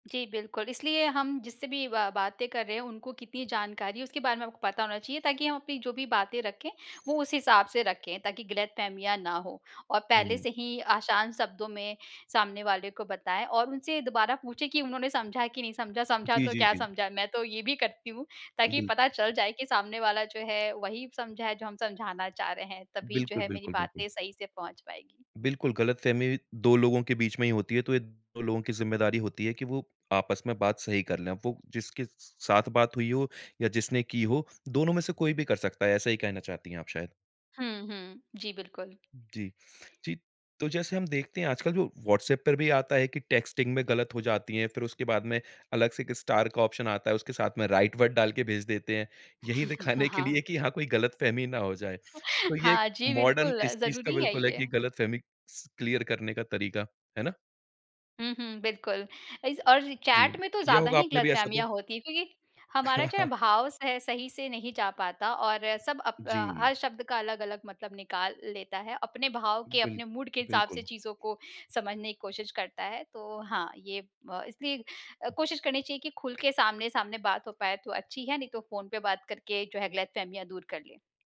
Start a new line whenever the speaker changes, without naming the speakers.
जी, बिल्कुल, इसलिए हम जिससे भी ब बातें कर रहे हैं, उनको कितनी जानकारी है उसके बारे में आपको पता होना चाहिए ताकि हम अपनी जो भी बातें रखें, वो उस हिसाब से रखें ताकि गलतफ़हमियाँ ना हों। और
हुँ,
पहले
हुँ।
से ही आसान शब्दों में सामने वाले को बताएँ और उनसे दोबारा पूछें कि उन्होंने समझा कि नहीं समझा। समझा
जी,
तो
जी,
क्या
जी।
समझा, मैं तो ये भी करती हूँ ताकि
बिल्क
पता चल जाए कि सामने वाला जो है, वही समझा है जो हम समझाना चाह रहे हैं तभी जो
बिल्कुल,
है मेरी
बिल्कुल, बिल्कुल।
बातें सही से पहुँच पाएँगी।
बिल्कुल, गलतफ़हमी 2 लोगों के बीच में ही होती है तो ये 2 लोगों की ज़िम्मेदारी होती है कि वो आपस में बात सही कर लें। वो जिसके स साथ बात हुई हो या जिसने की हो, दोनों में से कोई भी कर सकता है। ऐसा ही कहना चाहती हैं आप शायद।
हुँ, हुँ। जी, बिल्कुल।
जी, जी। तो जैसे हम देखते हैं आजकल जो व्हाट्सऐप पर भी आता है कि टेक्स्टिंग में गलत हो जाती है फिर उसके बाद में अलग से एक स्टार का ऑप्शन आता है। उसके साथ में राइट वर्ड डाल के भेज देते हैं।
हुँ, हुँ।
यही
ह
दिखाने के
हाँ।
लिए कि हाँ, कोई गलतफ़हमी ना हो जाए। तो ये
हाँ, जी
मॉडर्न
बिल्कुल,
इस चीज़ का
ज़रूरी है
बिल्कुल है कि
ये।
गलतफ़हमी स क्लियर करने का तरीका, है ना?
हुँ, हुँ, बिल्कुल। इस और
जी,
चैट में तो
किया
ज़्यादा
होगा
ही
आपने भी ऐसा तो?
गलतफ़हमियाँ होती हैं क्योंकि हमारा जो है भाव सह सही से नहीं जा पाता और सब अप अ,
जी।
हर शब्द का अलग-अलग मतलब निकाल लेता है। अपने भाव के,
बिल
अपने मूड के हिसाब से
बिल्कुल।
चीज़ों को समझने की कोशिश करता है। तो हाँ ये ब इसलिए अ, कोशिश करनी चाहिए कि खुल के सामने-सामने बात हो पाए तो अच्छी है, नहीं तो फ़ोन पे बात करके जो है गलतफ़हमियाँ दूर कर लें।